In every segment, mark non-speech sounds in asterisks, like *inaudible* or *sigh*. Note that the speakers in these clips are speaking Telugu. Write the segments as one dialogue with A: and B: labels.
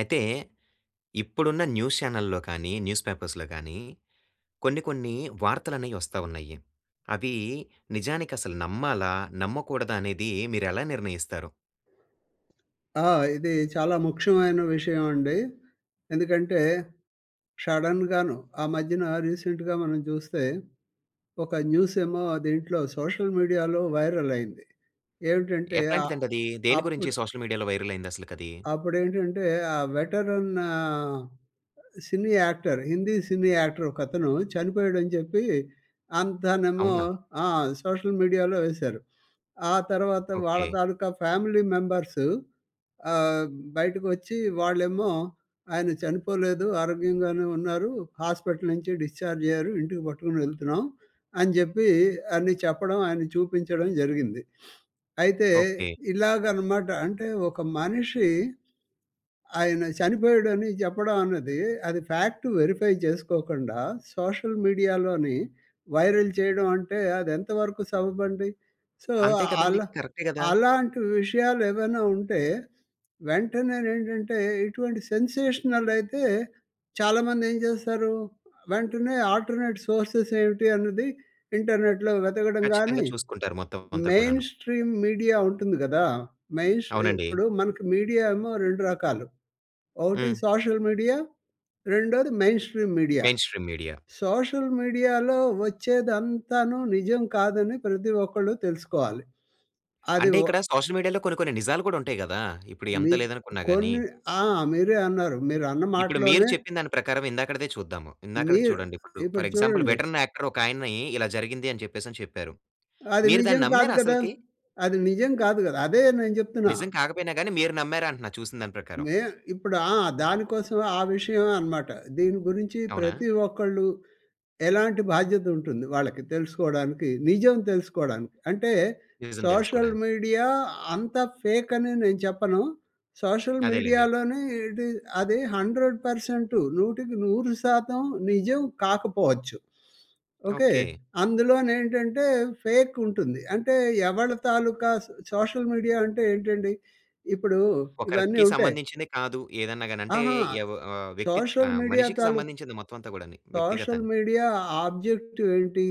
A: అయితే ఇప్పుడున్న న్యూస్ చానెల్‌లో గాని, న్యూస్ పేపర్స్‌లో గాని కొన్ని, కొన్ని వార్తలనేయి వస్తా ఉన్నాయి. అవి నిజానికి అసలు నమ్మాలా? నమ్మకూడదా? అనేది మీరు ఎలా నిర్ణయిస్తారు?
B: ఆ! ఇది చాలా ముఖ్యమైన విషయం అండి. ఎందుకంటే షడెన్‌గాను ఆ మధ్యన రీసెంట్‌గా మనం చూస్తే ఒక న్యూస్ ఏమో దీంట్లో సోషల్ మీడియాలో వైరల్ అయ్యింది. ఏమిటంటే అ
A: ఎట్లాంటిదండి అది? దేని గురించి
B: అప్పుడు
A: సోషల్ మీడియా‌లో వైరల్ అయింది అసలుకి అది?
B: అప్పుడు ఏంటంటే ఆ వెటరన్ ఆహ్, cine actor, Hindi cine actor ఒక అతను చనిపోయాడని చెప్పి అంతానేమో
A: అవునా?
B: ఆ! సోషల్ మీడియాలో వేశారు. ఆ తర్వాత వాళ్ళ
A: ఓకె.
B: తాలూకా ఫ్యామిలీ మెంబర్సు ఆహ్, బయటకు వచ్చి వాళ్ళేమో ఆయన చనిపోలేదు ఆరోగ్యంగానే ఉన్నారు. హాస్పిటల్ నుంచి డిశ్చార్జ్ అయ్యారు. ఇంటికి పట్టుకొని వెళ్తున్నాం అని చెప్పి అని చెప్పడం ఆయనని చూపించడం జరిగింది. అయితే
A: ఓకె.
B: ఇలాగ అన్నమాట అంటే ఒక మనిషి ఆయన చనిపోయాడని చెప్పడం అన్నది అది ఫ్యాక్టు వెరిఫై చేసుకోకుండా సోషల్ మీడియాలోని వైరల్ చేయడం అంటే అది ఎంతవరకు సబబండి. సో
A: అంతే కదండీ.
B: అలా
A: కరెక్టే కదా!
B: అలాంటి విషయాలు ఏవైనా ఉంటే వెంటనే ఏంటంటే ఏటువంటి సెన్సేషనల్ అయితే చాలామంది ఏం చేస్తారు వెంటనే ఆల్టర్నేట్ సోర్సెస్ ఏమిటి అన్నది ఇంటర్నెట్‌లో వెతకడం
A: ఖచ్చితంగా
B: కాని
A: చూసుకుంటారు. మొత్తం అంతా
B: మెయిన్
A: కూడాను.
B: స్ట్రీమ్ మీడియా ఉంటుంది కదా! మెయిన్ స్ట్ర్
A: అవునండి.
B: ఇప్పుడు మనకు మీడియా ఏమో 2 రకాలు. ఒకటి
A: హ్మ్.
B: సోషల్ మీడియా రెండోది mainstream media.
A: Mainstream media.
B: Social మీడియాలో వచ్చేదంతాను నిజం కాదని ప్రతి ఒక్కళ్ళు తెలుసుకోవాలి. అది
A: అంటే
B: ఓహ్!
A: ఇక్కడ సోషల్ మీడియాలో కొన్ని, కొన్ని నిజాలు కూడా ఉంటాయి కదా! ఇప్పుడు ఎంత
B: మీ
A: లేదనుకున్నా గాని.
B: కొన్ని ఆ! మీరే అన్నారు. మీరు అన్న
A: ఇప్పుడు మీరు
B: మాటలోనే.
A: చెప్పిన దాని ప్రకారం ఇందాకటిదే చూద్దాం. ఇందాకటిది
B: మీరు
A: చూడండి ఇప్పుడు
B: ఇప్పుడు
A: ఫర్ ఎక్సాంపుల్
B: చూడండి.
A: వెట్రన్ యాక్టర్ ఒకాయన్ని ఇలా జరిగింది అని చెప్పేసి అని చెప్పారు.
B: అది
A: మీరు
B: నిజం
A: దాన్ని
B: కాదు
A: నమ్మారా
B: కదా!
A: అసలకి?
B: అది నిజం కాదు కదా! అదే నేను చెప్తున్నా.
A: నిజం కాకపోయినా గాని మీరు నమ్మారా? అంటున్నా చూసిన దాని ప్రకారం?
B: మే ఇప్పుడు ఆ! దానికోసమే ఆ విషయమే అనమాట. దీని గురించి
A: అవునా?
B: ప్రతి ఒక్కళ్ళు ఎలాంటి బాధ్యత ఉంటుంది వాళ్ళకి తెలుసుకోవడానికి, నిజం తెలుసుకోవడానికి. అంటే
A: రీజన్
B: సోషల్
A: తెలుసుకోవడానికి.
B: మీడియా అంతా ఫేక్ అని నేను చెప్పను. సోషల్
A: అదేలెండి.
B: మీడియాలోని ఇది అది 100% 100% నిజం కాకపోవచ్చు. ఓకె.
A: ఓకె.
B: అందులోని ఏంటంటే ఫేక్ ఉంటుంది. అంటే ఎవరి తాలుకా సో సోషల్ మీడియా అంటే ఏంటండి ఇప్పుడు ఇవన్నీ
A: ఒకరికి
B: ఉంటాయి.
A: సంబంధించింది కాదు. ఏదన్నా గాని అంటే
B: అహా!
A: ఏవ ఆహ్, వ్యక్తి
B: సోషల్
A: ఆహ్,
B: మీడియా
A: మనిషికి
B: తాలుక్
A: సంబంధించింది మొత్తం అంతా కూడాని
B: సోషల్
A: వ్యక్తిగతానికి.
B: మీడియా ఆబ్జెక్టివ్ ఏంటి?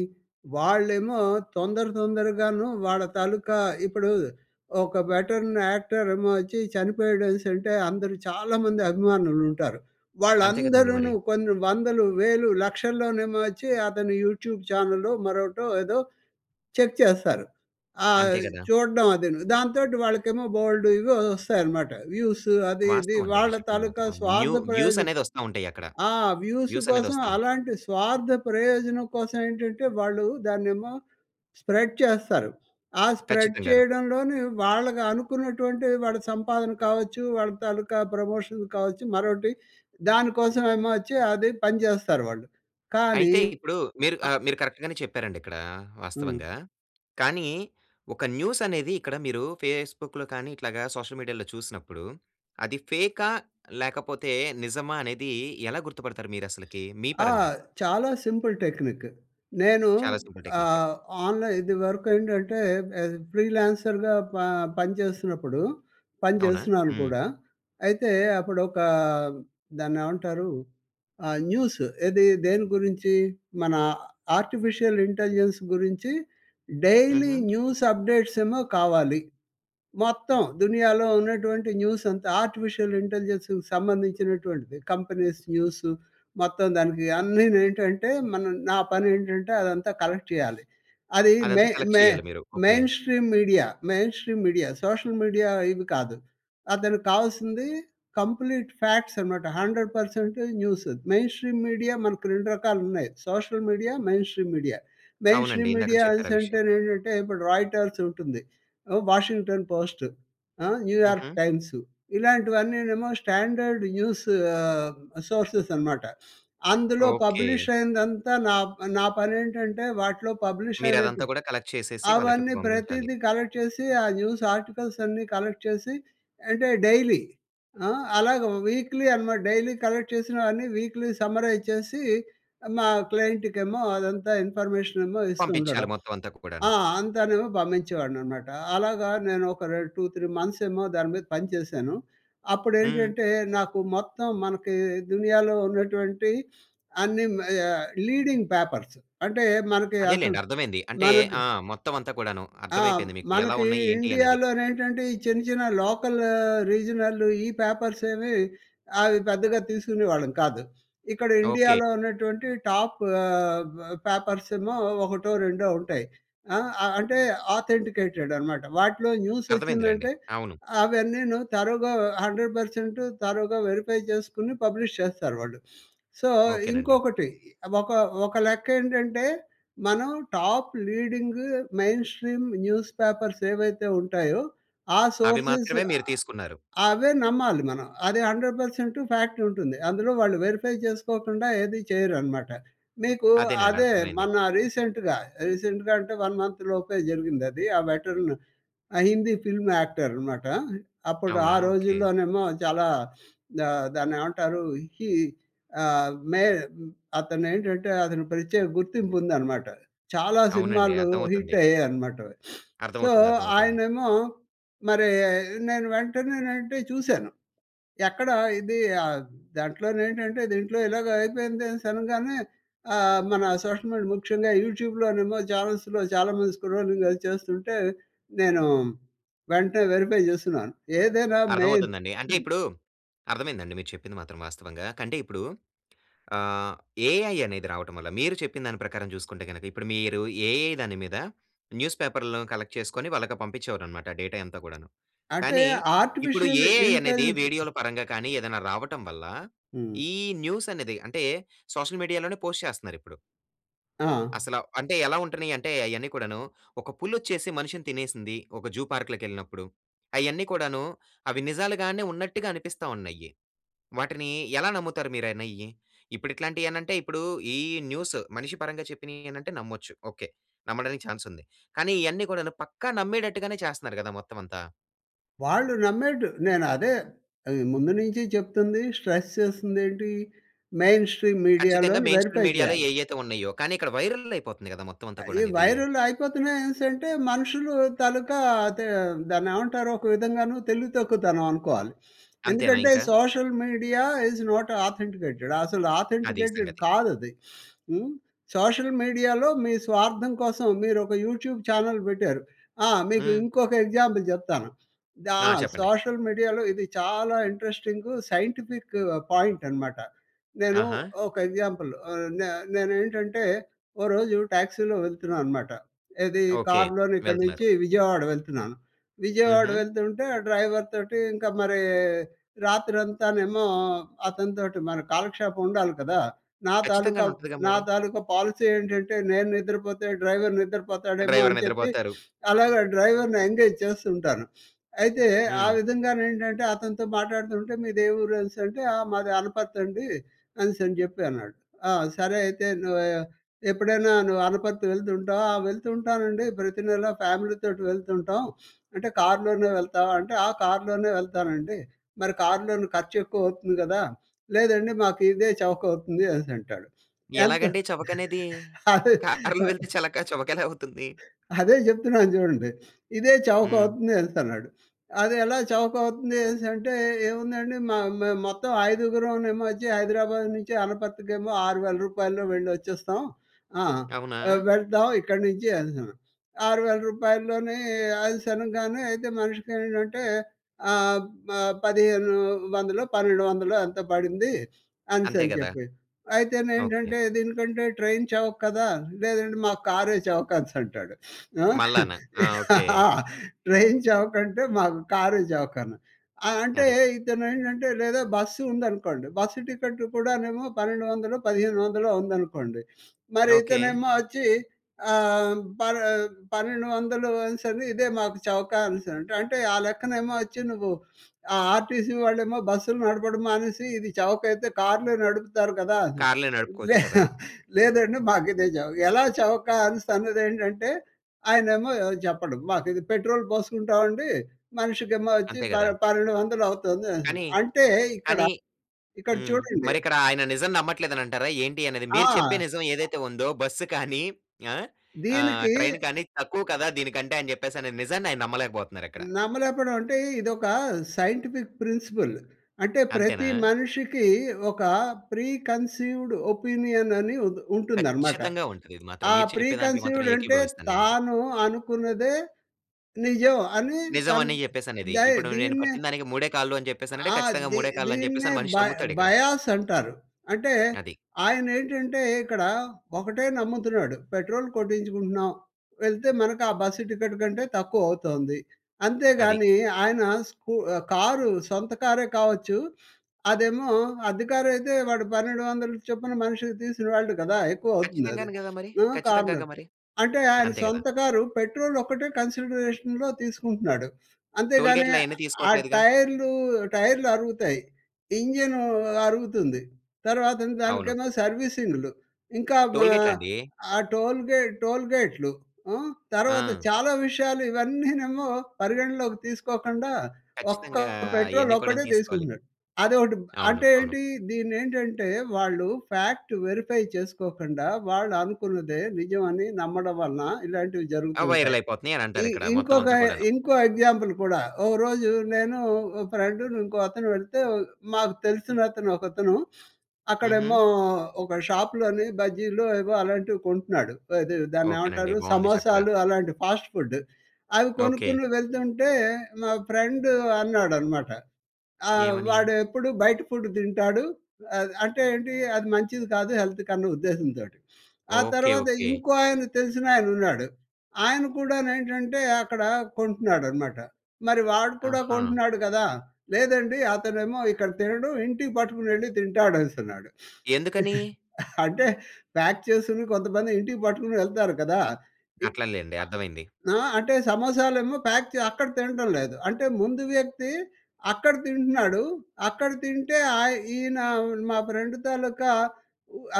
B: వాళ్ళేమో తొందర, తొందరగాను వాళ్ళ తాలుకా ఇప్పుడు ఒక వెట్రన్ యాక్టర్ ఏమో వచ్చి చనిపోయాడనేసి అంటే అందరూ చాలామంది అభిమానులు ఉంటారు.
A: అంతే కదండీ
B: వాళ్ళందరూ
A: మరి!
B: కొన్ని వందలు, వేలు, లక్షల్లోనేమో వచ్చి అతను యూట్యూబ్ ఛానెల్లో మరొకటో ఏదో చెక్ చేస్తారు.
A: అంతే
B: ఆహ్,
A: కదా!
B: చూడ్డం అదిను. దాంతోటి వాళ్ళకేమో బోలెడు ఇవి వస్తాయన్నమాట. వ్యూసు అది ఇది.
A: వాస్తవం అండి. అది
B: వాళ్ళ
A: చెప్పింది
B: తాలూకా
A: మాత్రం. వ్యూ
B: స్వార్థ
A: వ్యూస్
B: ప్రయోజనం.
A: అనేది వస్తా ఉంటాయి అక్కడ.
B: ఆ! వ్యూస్
A: వ్యూస్ అనేది
B: కోసం
A: వస్తా ఉంటాయి.
B: అలాంటి స్వార్థ ప్రయోజనం కోసం ఏంటంటే వాళ్ళు దాన్నేమో స్ప్రెడ్ చేస్తారు. ఆ స్ప్రెడ్
A: ఖచ్చితంగాను.
B: చేయడంలోనే వాళ్ళకి అనుకున్నటువంటి వాళ్ళ సంపాదన కావచ్చు, వాళ్ళ తాలూకా ప్రమోషన్ కావచ్చు మరొకటి దాని కోసమేమో వచ్చి అది పనిచేస్తారు వాళ్ళు. కానీ
A: అయితే ఇప్పుడు మీరు
B: ఆహ్!
A: ఆహ్, మీరు కరెక్ట్ గానే చెప్పారండి ఇక్కడ
B: హ్మ్.
A: వాస్తవంగా. కానీ ఒక న్యూస్ అనేది ఇక్కడ మీరు ఫేస్‌బుక్‌లో కానీ, ఇట్లాగా సోషల్ మీడియాలో చూసినప్పుడు అది ఫేకా? లేకపోతే నిజమా? అనేది ఎలా గుర్తుపడతారు మీరు అసలకి, మీ
B: ఆ!
A: పరంగా?
B: చాలా సింపుల్ టెక్నికు. నేను
A: చాలా సింపుల్ టెక్నికు.
B: ఆహ్, ఆన్‌లైన్ ఇది వరకు ఏంటంటే ఏది, ఫ్రీలాన్సర్‌గా ప పనిచేస్తున్నప్పుడు పని
A: అవునా?
B: చేస్తున్నాను
A: హ్మ్.
B: కూడా. అయితే అప్పుడు ఒక దాన్నేమంటారు? ఆహ్, న్యూసు ఏది? దేని గురించి? మన ఆర్టిఫిసియల్ ఇంటలిజెన్స్ గురించి డైలీ
A: హుహు.
B: న్యూస్ అప్‌డేట్స్ ఏమో కావాలి. మొత్తం దునియాలో ఉన్నటువంటి న్యూస్ అంతా ఆర్టిఫిషియల్ ఇంటెలిజెన్స్‌కి సంబంధించినటువంటిది. కంపెనీస్ న్యూసు మొత్తం దానికి అన్ని‌ను ఏంటంటే మన నా పని ఏంటంటే అదంతా కలెక్ట్ చేయాలి. అది మె
A: అదంతా కలెక్ట్
B: మె
A: చేయాలి మీరు okay.
B: Mainstream media mainstream media social media ఇవి కాదు. అతనికి కావాల్సింది కంప్లీట్ ఫ్యాక్ట్స్ అనమాట. 100% న్యూస్. మెయిన్ స్ట్రీమ్ మీడియా మనకు 2 రకాలు ఉన్నాయి social media, mainstream media. Main
A: అవునండి.
B: స్ట్రీమ్
A: ఇందాకడ
B: మీడియా
A: చెప్పారు
B: అనేసి
A: ఆ విషయం.
B: అంటే ఏంటంటే ఇప్పుడు రాయిటర్స్ ఉంటుంది. ఆ! 'వాషింగ్టన్ పోస్ట్' ఆహ్, 'న్యూయార్క్
A: హుహు.
B: టైమ్స్' ఇలాంటివన్నీ ఏమో స్టాండర్డ్ న్యూసు సోర్సెస్ అనమాట. అందులో పబ్లిష్
A: ఓకె.
B: అయిందంతా నా నా పనేంటంటే వాటిలో పబ్లిష్
A: మీరు
B: అయినట్టు
A: అదంతా కూడా కలెక్ట్ చేసేసి వాళ్ళకి
B: అవన్నీ
A: పంపించాలి.
B: ప్రతీదీ కలెక్ట్ చేసి ఆ న్యూస్ ఆర్టికల్స్ అన్నీ కలెక్ట్ చేసి అంటే డైలీ ఆహ్, అలాగా వీక్లీ అనమాట. డైలీ కలెక్ట్ చేసినవన్నీ వీక్లీ సమ్మరైజ్ చేసి మా క్లయింట్‌కేమో అదంతా ఇన్ఫర్మేషనేమో ఇస్తూ
A: పంపించాలి.
B: ఉండడం.
A: మొత్తం అంతా కూడాను.
B: ఆ! అంతానేమో పంపించేవాడిని అన్నమాట. అలాగా నేను ఒక రె 2, 3 మంత్సేమో దాని మీద పని చేశాను. అప్పుడు
A: హ్మ్.
B: ఏంటంటే నాకు మొత్తం మనకి దునియాలో ఉన్నటువంటి అన్ని ఆహ్, లీడింగ్ పేపర్సు అంటే మనకి అసలు
A: అదేలెండి అర్థమైంది. అంటే
B: మనకి
A: ఆ! మొత్తం అంతా కూడాను
B: ఆ!
A: అర్థమైపోయింది. మీకు ఎలా
B: మనకి
A: ఉన్నాయి ఏంటి అనేది.
B: ఇండియాలోనేంటంటే ఈ చిన్న చిన్న లోకల్ రీజనల్ ఈ పేపర్స్ ఏమి అవి పెద్దగా తీసుకునేవాళ్ళం కాదు. ఇక్కడ
A: ఓకె.
B: ఇండియాలో ఉన్నటువంటి టాపు ఆహ్, పేపర్సేమో ఒకటో రెండో ఉంటాయి. ఆహ్, అంటే ఆథెంటికేటెడ్ అనమాట. వాటిలో న్యూస్
A: అర్థమైందిలెండి.
B: వచ్చిందంటే
A: అవును.
B: అవన్నీను థరోగా 100% థరోగా వెరిఫై చేసుకొని పబ్లిష్ చేస్తారు వాళ్ళు. సో
A: ఓకెనండి.
B: ఇంకొకటి ఒక ఒక లెక్క ఏంటంటే మనం top leading mainstream newspapers ఏవైతే ఉంటాయో ఆ
A: అవి
B: సోర్సెస్
A: మాత్రమే మీరు తీసుకున్నారు.
B: అవే నమ్మాలి మనం. అది 100% ఫ్యాక్ట్ ఉంటుంది. అందులో వాళ్ళు వెరిఫై చేసుకోకుండా ఏది చేయరనమాట. మీకు
A: అదేనండి.
B: అదే
A: అర్థమైంది.
B: మొన్న రీసెంట్‌గా రీసెంట్‌గా అంటే 1 మంత్‌లోపే జరిగింది అది. ఆ వెట్రన్ ఆ హిందీ ఫిల్మ్ యాక్టర్ అనమాట. అప్పుడు ఆ
A: అవునా? ఓకె.
B: రోజుల్లోనేమో చాలా ద దాన్నేమంటారు హి ఆహ్, మే అతను ఏంటంటే అతను ప్రత్యేక గుర్తింపు ఉందనమాట. చాలా
A: అవునండి.
B: సినిమాలు హిట్
A: అర్థమవుతుంది.
B: అయ్యాయి అనమాట. *sniffs* సో
A: అర్థమవుతుంది. అర్థమవుతుంది.
B: ఆయనేమో మరి నేను వెంటనే అంటే చూశాను. ఎక్కడ ఇది ఆ!దాంట్లో ఏంటంటే దీంట్లో ఇలాగ అయిపోయింది అనేసి అనగానే ఆహ్, మన సోషల్ మీడియా ముఖ్యంగా యూట్యూబ్‌లోనేమో చానెల్స్‌లో చాలా మంది స్క్రోలింగ్ అది చేస్తుంటే నేను వెంటనే వెరిఫై చేస్తున్నాను. ఏదైనా మెయిన్
A: అర్థమవుతుందండి. అంటే
B: హ్మ్.
A: ఇప్పుడు అర్థమైందండి మీరు చెప్పింది మాత్రం వాస్తవంగా. కంటే ఇప్పుడు ఆహ్, ఏఐ అనేది రావటం వల్ల మీరు చెప్పిన దాని ప్రకారం చూసుకుంటే గనుక ఇప్పుడు మీరు ఏఐ దాని మీద న్యూస్ పేపర్లు కలెక్ట్ చేసుకొని వాళ్ళకి పంపించేవారు అన్నమాట డేటా అంతా కూడాను.
B: అంటే
A: కానీ ఇప్పుడు
B: ఆర్టిఫీషియల్
A: ఏఐ అనేది
B: ఇంటెలెస్
A: వీడియోల పరంగా కానీ ఏదైనా రావటం వల్ల
B: హ్మ్.
A: ఈ న్యూస్ అనేది అంటే సోషల్ మీడియాలోనే పోస్ట్ చేస్తున్నారు ఇప్పుడు.
B: ఆ!
A: అసల, అంటే ఎలా ఉంటున్నాయంటే అయన్ని కూడాను, ఒక పులొచ్చేసి మనిషిని తినేసింది. ఒక జూ పార్క్‌లోకెళ్ళినప్పుడు. అయన్నీ కూడాను అవి నిజాలుగానే ఉన్నట్టుగా అనిపిస్తా ఉన్నయ్యి. వాటిని ఎలా నమ్ముతారు మీరనేయ్యి? ఇప్పుడు ఇట్లాంటియనంటే ఇప్పుడు ఈ న్యూసు మనిషి పరంగా చెప్పినయ్యి అనంటే నమ్మొచ్చు. ఓకే. నమ్మడానికి చాన్సుంది. కానీ ఇయన్నీ కూడాను పక్కా నమ్మేటట్టుగానే చేస్తున్నారు గదా! మొత్తమంతా.
B: వాళ్ళు నమ్మేడు నేనదే ఆహ్, ముందు నుంచి చెప్తుంది స్ట్రెస్ చేస్తుందేంటి? మెయిన్ స్ట్రీమ్
A: ఖచ్చితంగా
B: మీడియా‌లోని
A: మెయిన్‌ స్ట్రీమ్
B: వెరీఫై
A: మీడియాలో
B: చేయాలి.
A: ఏయైతే ఉన్నయ్యో! కానీ ఇక్కడ వైరల్లయిపోతుంది కదా! మొత్తమంతా
B: ఈ
A: కూడాను ఇది.
B: వైరల్ అయిపోతున్నాయనేసి అంటే మనుషులు తాలుకా అదే దాన్నేమంటారు? ఒక విధంగాను తెలివి తక్కువతనమనుకోవాలి.
A: అంతేనా
B: ఎందుకంటే
A: ఇంక?
B: Social media is not authenticated. అసలు
A: అది
B: ఆథన్టికెటేడ్
A: సంగతి.
B: కాదది. *sniffs* హ్మ్. సోషల్ మీడియాలో మీ స్వార్థం కోసం మీరు ఒక యూట్యూబ్ చానెల్ పెట్టారు. ఆ! మీకు
A: హ్మ్.
B: ఇంకొక ఎగ్జాంపుల్ జెప్తాను. దా
A: ఆ! చెప్పండి.
B: సోషల్ మీడియాలో ఇది చాలా ఇంట్రెస్టింగు సైంటిఫిక్ పాయింటనమాట. నేను
A: ఆహా!
B: ఒక ఎగ్జాంపులు ఆహ్, నే నేనేంటంటే ఓ రోజు టాక్సీలో వెళ్తున్నాను మాట. ఏది
A: ఓకే.
B: కార్లోని ఇక్కడి
A: వెళ్తున్నారు.
B: నుంచి విజయవాడ వెళ్తున్నాను. విజయవాడ
A: హుహు.
B: వెళ్తుంటే, ఆ డ్రైవర్ తోటి ఇంక మరీ రాత్రంతానేమో అతనితోటి మన కాలక్షేపం ఉండాలి కదా! నా తాలూకా,
A: ఖచ్చితంగాను ఉంటదిగా
B: నా
A: మరి.
B: తాలూకా పాలిసీ ఏంటంటే, నేను నిద్రపోతే డ్రైవర్ నిద్రపోతాడేమో
A: డ్రైవర్
B: అని చెప్పి,
A: నిద్రబోతారు.
B: అలాగ డ్రైవర్‌ని ఎంగేజ్ చేస్తూ ఉంటాను. అయితే ఆ
A: హ్మ్.
B: విధంగానేంటంటే అతనితో మాటాడుతూ ఉంటే మీదే ఊరు అనేసంటే ఆహ్, "మాది అనపర్తండి" అనేసని జెప్పి అన్నాడు. ఆ! సరే అయితే నువ్వూ ఎప్పుడైనా నువ్వు అనపర్తి వెళ్తుంటావా? "ఆ! వెళ్తుంటానండి ప్రతి నెల ఫ్యామిలీ తోటి వెళ్తుంటాం." అంటే కార్లోనే వెళ్తావా? అంటే "ఆ! కార్లోనే వెళ్తానండి." మరి కార్లోని ఖర్చెక్కువ అవుతుంది గదా? "లేదండి మాకు ఇదే చవకవుతుంది" అనిసంటాడు. ఎంత
A: ఎలాగండి చవకనేది?
B: అదే
A: కార్లో
B: ఆహ్
A: వెళ్తే చలకా చవకెలా అవుతుంది?
B: అదే జెప్తున్నాను జూడండి. "ఇదే
A: హ్మ్.
B: చవకవుతుంది" అనేసి అన్నాడు. అదెలా చవకవుతుంది అనేసంటే? "ఏముందండి మ మ మొత్తం ఐదుగురం నేమోచ్చి హైదరాబాద్ నుంచి అనపర్తికేమో రూ. 6000ల్లో వెళ్ళొచ్చేస్తాం. ఆ!
A: అవునా?
B: ఆహ్, వెళ్తాం ఇక్కడి నుంచి" అనిసన్నాడు. రూ. 6000ల్లోనే ఆయిల్స్ అనంగానే అయితే మనిషికి ఏమిటంటే ఆహ్, మ పదిహేను వందలో, పన్నెండు వందలో ఎంతో పడింది
A: అంతే
B: అనిసని
A: గదా!
B: చెప్పి.
A: ఓకే.
B: అయితేనేంటంటే, దీనికంటే ట్రైన్ చవక కదా? లేదండి మాకు కారే చవకనిసి అంటాడు.
A: మల్లానా, ఆ! ఓకే.
B: ఆ! ట్రైన్ చవకంటే? మాకు కారే చవకని ఆ! అంటే
A: అది.
B: ఇతనేంటంటే లేదా బస్సు ఉందనుకోండి. బస్సు టికెటు కూడానేమో పన్నెండు వందలో, పదిహేను వందలో ఉందనుకోండి. మరి
A: ఓకే.
B: ఇతనేమో వచ్చి ఆహ్, పన్ పన్నెండు వందలు అనిసని ఇదే మాకు చవక అనిసని అంటే, అంటే ఆ లెక్కనేమో వచ్చి నువ్వు ఆ ఆర్టీసీ వాళ్ళేమో బస్సులు నడపడం మానిసి, ఇది చవకయితే కార్లే నడుపుతారు కదా! అని.
A: కార్లే నడుపుకోవచ్చు
B: లే
A: కదా!
B: లేదండి మాకిదే చవక. ఎలా చవక అనిసి అన్నదేంటంటే, ఆయనేమో చెప్పడు. మాకిది పెట్రోల్ పోసుకుంటామండి, మనిషికేమో వచ్చి
A: అంతే
B: ప
A: గదా!
B: పన్నెండు వందలవుతుంది అనిసని,
A: కానీ,
B: అంటే ఇక్కడ,
A: కానీ
B: ఇక్కడ
A: హ్మ్.
B: చూడండి.
A: మరిక్కడ ఆయన నిజం నమ్మట్లేదని అంటారా? ఏంటి అనేది?
B: ఆ!
A: మీరు చెప్పే నిజం ఏదైతే ఉందో, బస్సు కానీ ఆ! ఆహ్,
B: దీనికీ
A: ట్రైను కానీ తక్కువ కదా దీనికంటే, ఆయన చెప్పేసనే నిజాన్ని ఆయన నమ్మలేకపోతున్నారిక్కడ.
B: నమ్మలేకపోడం అంటే ఇదొక సైంటిఫిక్ ప్రిన్సిపల్. అంటే
A: అంతేనా!
B: ప్రతి మనిషికి ఒక ప్రీ కన్సీవ్‌డ్ ఒపీనియన్ అని ఉన్ ఉంటుందనమాట.
A: ఖచ్చితంగా ఉంటది. ఇది మాత్రం
B: ఆ
A: మీరు
B: ప్రీ
A: చెప్పేదాంట్లో మాత్రం
B: కన్సీవ్‌డ్ అంటే
A: ఏకీభవిస్తాను నేను ఇది.
B: తాను అనుకున్నదే నిజం అని తను
A: నిజమని చెప్పేసనేది.
B: దయి
A: ఇప్పుడు నేను
B: దీన్నే
A: పట్టినదానికి మూడే కాళ్ళు అని చెప్పేసనంటే
B: ఆహ్,
A: ఖచ్చితంగా
B: దీ
A: మూడే కాళ్ళని
B: దీన్నే
A: చెప్పేసని మనిషి
B: బయ
A: నమ్ముతాడిక్కడ.
B: బయాసంటారు. అంటే
A: అది.
B: ఆయనేంటంటే ఇక్కడ ఒకటే నమ్ముతున్నాడు. పెట్రోల్ కొట్టించుకుంటున్నాం. వెళ్తే మనకు ఆ బస్సు టికెటు కంటే తక్కువవుతుంది.
A: అది.
B: అంతేగాని ఆయన స్కు కారు సొంత కారే కావచ్చు. అదేమో అద్దె కారయితే వాడు 1200 చొప్పున మనిషికి తీసుకుని వెళ్ళడు కదా! ఎక్కువవుతుంది అది.
A: ఖచ్చితంగానే గదా మరి!
B: ఆ! కార్నర్
A: ఖచ్చితంగగా మరి.
B: అంటే ఆయన
A: అంతే గదా!
B: సొంత కారు పెట్రోలొక్కటే కన్సిడరేషన్‌‌‌‌‌‌లో తీసుకుంటున్నాడు. అంతేగాని
A: టోల్‌గేట్‌లు అయన్నీ
B: ఆ
A: తీసుకోట్లేదుగా.
B: టైర్లూ, టైర్లరుగుతాయి. ఇంజనూ అరుగుతుంది. తర్వాతను
A: అవును.
B: దానికన్నా సర్వీసింగ్‌లు. ఇంకా మ
A: టోల్‌గేట్‌లండి.
B: ఆ టోల్‌గే టోల్‌గేట్‌లూ. హ్మ్, తర్వాత
A: ఆ!
B: చాలా విషయాలు ఇవన్నీనేమో పరిగణనలోకి తీసుకోకుండా ఒక్క
A: ఖచ్చితంగా! అయన్నీ కూడాను
B: పెట్రోలొక్కటే
A: తీసుకోలి.
B: తీసుకుంటున్నాడు. అదొకటి
A: అవును,
B: అంటే
A: అవును.
B: ఏంటి? దీన్నేంటంటే వాళ్ళు ఫాక్ట్ వెరిఫై చేసుకోకండా, వాళ్ళనుకున్నదే నిజమని నమ్మడం వలన ఇలాంటివి
A: ఆ!
B: జరుగుతుంటాయి.
A: వైరలయిపోతున్నాయి అని
B: ఈ
A: అంటారిక్కడ
B: ఇంకొక
A: మొత్తమంతా కూడాను.
B: ఇంకో ఎగ్జాంపుల్ కూడా, ఓ రోజు నేను ఒక ఫ్రెండును ఇంకో అతను వెళ్తే, మాకు తెలిసిన అతను, ఒకతను *sniffs*
A: హుహు.
B: అక్కడేమో ఒక షాప్‌లోని బజ్జీలో ఏవో అలాంటివి కొంటున్నాడు. అది దాన్ని
A: ఓకేనండి.
B: ఏమంటారు?
A: బావుంది చక్కగా.
B: సమోసాలు అలాంటి ఫాస్ట్‌ఫుడ్డు. అవి
A: ఓకే.
B: కొనుక్కొని వెళ్తుంటే, మా ఫ్రెండు అన్నాడనమాట. ఆహ్,
A: ఏవని?
B: "వాడెప్పుడు బయట ఫుడ్డు తింటాడు." అద్ అంటే ఏంటి? అది మంచిది కాదు హెల్త్‌కి అన్న ఉద్దేశంతోటి. ఆ
A: ఓకే,
B: తర్వాత
A: ఓకే.
B: ఇంకో ఆయన తెలిసినాయన ఉన్నాడు. ఆయన కూడా నేంటంటే అక్కడ కొంటున్నాడనమాట. మరి వాడు కూడా
A: ఆహా!
B: కొంటున్నాడు కదా! "లేదండి అతనేమో ఇక్కడ తినడు ఇంటికి పట్టుకొనెళ్ళి తింటాడనిసన్నాడు."
A: ఎందుకనీ?
B: *chuckles* అంటే ప్యాక్ చేసుకుని కొంతమంది ఇంటికి పట్టుకొని వెళ్తారు కదా! ఇప్
A: అట్లలేండి అర్థమైంది.
B: ఆ! అంటే సమోసాలే ఏమో ప్యాక్ చే అక్కడ తినటం లేదు. అంటే ముందు వ్యక్తి అక్కడ తింటున్నాడు. అక్కడ తింటే ఆయ్ ఈయనా మా ఫ్రెండు తాలూకా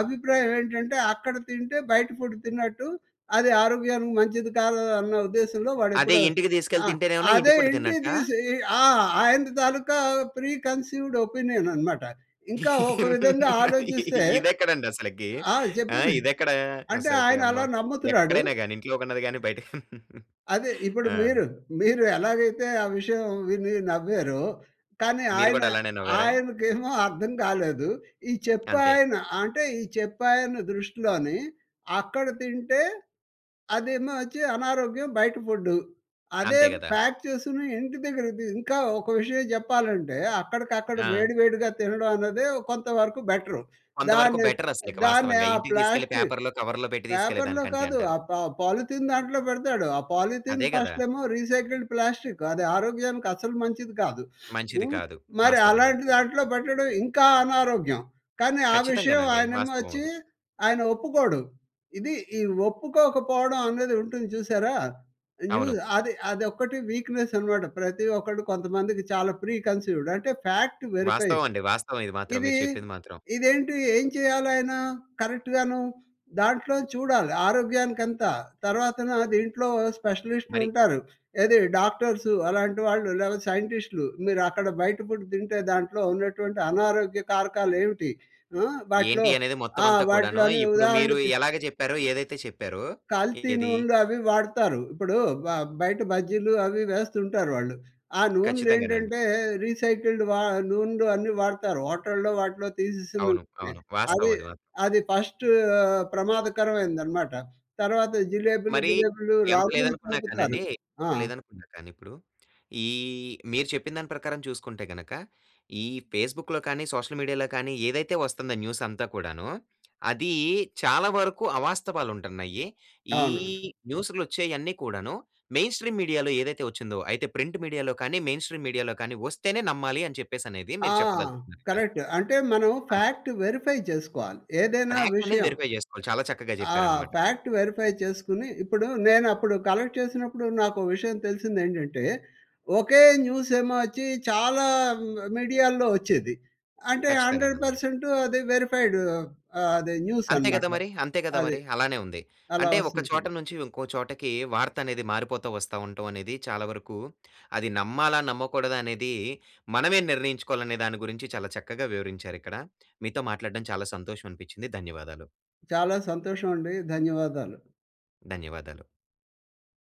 B: అభిప్రాయం ఏంటంటే "అక్కడ తింటే బయట ఫుడ్ తిన్నట్టు, అది ఆరోగ్యానికి మంచిది కాదు." అన్న ఉద్దేశంలో
A: అదే
B: వాడెప్పుడు
A: ఇంటికి తీసుకెళ్ళి
B: ఆ!
A: తింటేనేమన్నా ఇంటి
B: అదే
A: ఫుడ్డు
B: ఇంటికి
A: తిన్నట్టా?
B: తీసి ఆ! ఆయనది తాలూకా ప్రీ కన్సీవ్‌డ్ ఒపీనియన్ అనమాట. ఇంకా ఒక విధంగా ఆలోచిస్తే
A: ఇదెక్కడండి అసలకీ?
B: ఆ!
A: ఆ!
B: చెప్పింది
A: ఇదెక్కడా?
B: అంటే
A: అసలకి
B: ఆయన
A: అమ్మా!
B: అలా నమ్ముతున్నాడు.
A: ఎక్కడైనా‌గాని ఇంట్లో కొన్నది గాని, బయట *chuckles*
B: అదే ఇప్పుడు
A: ఆ!
B: మీరూ, మీరు ఎలాగైతే ఆ విషయం విని నవ్వారో, కానీ
A: మీరు
B: ఆయన,
A: కూడా అలానే నవ్వారా?
B: ఆయనకేమో అర్థం కాలేదు. ఈ చెప్పే
A: అంతే.
B: ఆయన అంటే ఈ చెప్పే ఆయన దృష్టిలోనీ అక్కడ తింటే, అదేమో వచ్చి అనారోగ్యం, బయట ఫుడ్డు. అదే
A: అంతే గదా!
B: ప్యాక్ చేసుకుని, ఇంటి దగ్గరకి తీ ఇంకా ఒక విషయం జెప్పాలంటే అక్కడికక్కడ
A: ఆ!
B: వేడివేడిగా తినడం అన్నదే కొంతవరకు బెటరూ.
A: కొంతవరకు
B: దాన్ని,
A: బెటరస్సలికి
B: దాన్ని
A: వాస్తవంగా.
B: ఆ
A: ఇంటికి తీసుకెళ్ళి
B: ప్లాస్టి
A: పేపర్‌లో, కవర్‌లో పెట్టి
B: పేపర్‌లో
A: తీసుకెళ్ళేదానికంటే
B: కాదు.
A: అంటారు.
B: ఆ పా పాలిథిన్ దాంట్లో పెడతాడు. ఆ పాలిథిన్
A: అదే కదా!
B: ఫస్టేమో రీసైకిల్డ్ ప్లాస్టిక్ అది ఆరోగ్యానికి అసలు మంచిది కాదు. *sniffs*
A: మంచిది
B: హ్మ్.
A: కాదు.
B: మరి
A: వాస్తవంగా.
B: అలాంటి దాంట్లో పెట్టడం ఇంకా అనారోగ్యం. కానీ ఆ విషయం
A: ఖచ్చితంగానండి.
B: ఆయనేమో
A: వాస్తవం
B: వచ్చి
A: అది.
B: ఆయన ఒప్పుకోడు. ఇది ఈ ఒప్పుకోకపోవడం అనేది ఉంటుంది చూసారా! న్యూ
A: అవును.
B: అది అదొక్కటి వీక్‌నెసనమాట. ప్రతి ఒక్కడు కొంతమందికి చాలా ప్రీ కన్సీవ్‌డ్ అంటే ఫాక్ట్ వెరిఫై.
A: వాస్తవం అండి. వాస్తవం ఇది మాత్రం.
B: ఇది
A: మీరు చెప్పింది మాత్రం.
B: ఇదేంటి? ఏం చేయాలాయనా కరెక్ట్‌ గాను దాంట్లో చూడాలి ఆరోగ్యానికంతా, తర్వాతన దీంట్లో
A: మరి
B: స్పెషలిస్టులుంటారు. ఏది డాక్టర్సు అలాంటి వాళ్ళు. లేకపోతే సైంటిస్ట్‌లు. మీరక్కడ బయట పుడ్ తింటే దాంట్లో ఉన్నటువంటి అనారోగ్య కారకాలు ఏమిటి? ఆ! వాటిలో
A: ఏంటి అనేది
B: ఆ!
A: మొత్తవంతా కూడాను,
B: వాటిలోని
A: ఇప్పుడు మీరు
B: ఉదాహరణకి
A: ఎలాగ చెప్పారో, ఏదైతే చెప్పారో
B: కల్తీ
A: ఏది?
B: నూనెలు అవి వాడతారు. ఇప్పుడు బ బయట బజ్జీలు అవి వేస్తుంటారు వాళ్ళు. ఆ
A: ఖచ్చితంగానండి.
B: నూనెలేంటంటే రీసైకిల్డ్ వ నూనెలు అన్నీ వాడుతారు. హోటల్లో వాటిలో
A: అవును.
B: తీసేసినవున్నాయి.
A: అవును. వాస్తవం
B: అది
A: అది మా
B: అది ఫస్టూ ప్రమాదకరమైనదనమాట. తర్వాత జిలేబులు,
A: మరీ,
B: గీలేబులు
A: ఎంత
B: రంగులు
A: లేదనుకున్నా
B: కలుపుతారు.
A: కానండి,
B: ఆ!
A: ఎంత లేదనుకున్నా కానీ ఇప్పుడు, ఈహ్, మీరు చెప్పిన దాని ప్రకారం చూసుకుంటే గనక ఈ ఫేస్‌బుక్‌లో కానీ సోషల్ మీడియాలో కానీ ఏదైతే వస్తుందో న్యూసంతా కూడాను, అదీ చాలా వరకు అవాస్తవాలుంటున్నయి. ఈ
B: అవునండి.
A: న్యూస్‌లో వచ్చేయన్నీ కూడాను, మెయిన్ స్ట్రీమ్ మీడియాలో ఏదైతే వచ్చిందో, అయితే ప్రింట్ మీడియాలో కానీ మెయిన్ స్ట్రీమ్ మీడియాలో కానీ వస్తేనే నమ్మాలి అని, చెప్పేసనేది
B: ఆ!
A: మీరు చెప్పదలుచుకున్నారు ఇక.
B: కరెక్ట్ అంటే మనం
A: అంతే.
B: ఫాక్ట్ వెరిఫై జేసుకోవాలి ఏదైనా
A: ఫాక్టనేది
B: విషయం.
A: వెరిఫై జేసుకోవాలి. చాలా చక్కగా
B: ఆ!
A: చెప్పారనమాట.
B: ఫాక్ట్ వెరిఫై చేసుకొని, ఇప్పుడు నేనప్పుడు కలెక్ట్ చేసినప్పుడు, నాకో విషయం తెలిసిందేంటంటే, ఒకే న్యూసేమో వచ్చి చాలా మ్ మిడియాల్లో వచ్చేది. అంటే
A: ఖచ్చితంగా.
B: హండ్రెడ్
A: నందాలు
B: పర్సెంట్ అది వెరిఫైడూ ఆహ్, అదే
A: అంతే కదా!
B: న్యూసనమాట.
A: మరి. అంతే గదా!
B: అది.
A: మరి అలానే ఉంది.
B: అలా
A: అంటే ఒక చోట
B: వస్తుంటుంది.
A: నుంచి ఇంకో చోటకి వార్త అనేది మారిపోతా వస్తా ఉంటవనేది చాలా వరకు అది నమ్మాలా, నమ్మకూడదా అనేది మనమే నిర్ణయించుకోవాలనే దాని గురించి చాలా చక్కగా వివరించారిక్కడ. మీతో మాట్లాడడం చాలా సంతోషం అనిపిచ్చింది. ధన్యవాదాలు.
B: చాలా సంతోషమండి. ధన్యవాదాలు.
A: ధన్యవాదాలు.